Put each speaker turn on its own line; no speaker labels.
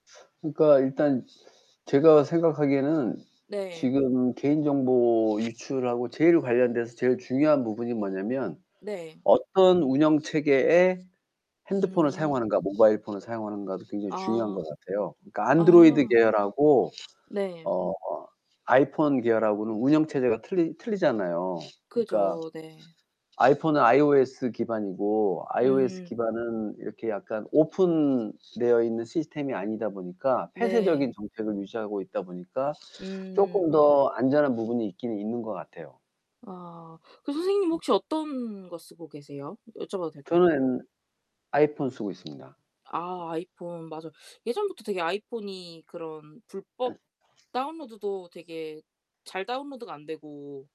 그러니까 일단 제가 생각하기에는
네.
지금 개인 정보 유출하고 제일 관련돼서 제일 중요한 부분이 뭐냐면
네.
어떤 운영 체계의 핸드폰을
음.
사용하는가, 모바일 폰을 사용하는가도 굉장히 중요한 것
아.
같아요. 그러니까 안드로이드
아.
계열하고
네.
어 아이폰 계열하고는 운영 체제가 틀리 틀리잖아요. 그니까
그죠. 네.
아이폰은 iOS 기반이고 iOS
음.
기반은 이렇게 약간 오픈되어 있는 시스템이 아니다 보니까 폐쇄적인
네.
정책을 유지하고 있다 보니까 쪼끔
음.
더 안전한 부분이 있긴 있는 것 같아요.
아. 그 선생님
음.
혹시 어떤 거 쓰고 계세요? 여쭤봐도 될까요?
저는 아이폰 쓰고 있습니다.
아, 아이폰. 맞어. 예전부터 되게 아이폰이 그런 불법 다운로드도 되게 잘 다운로드가 안 되고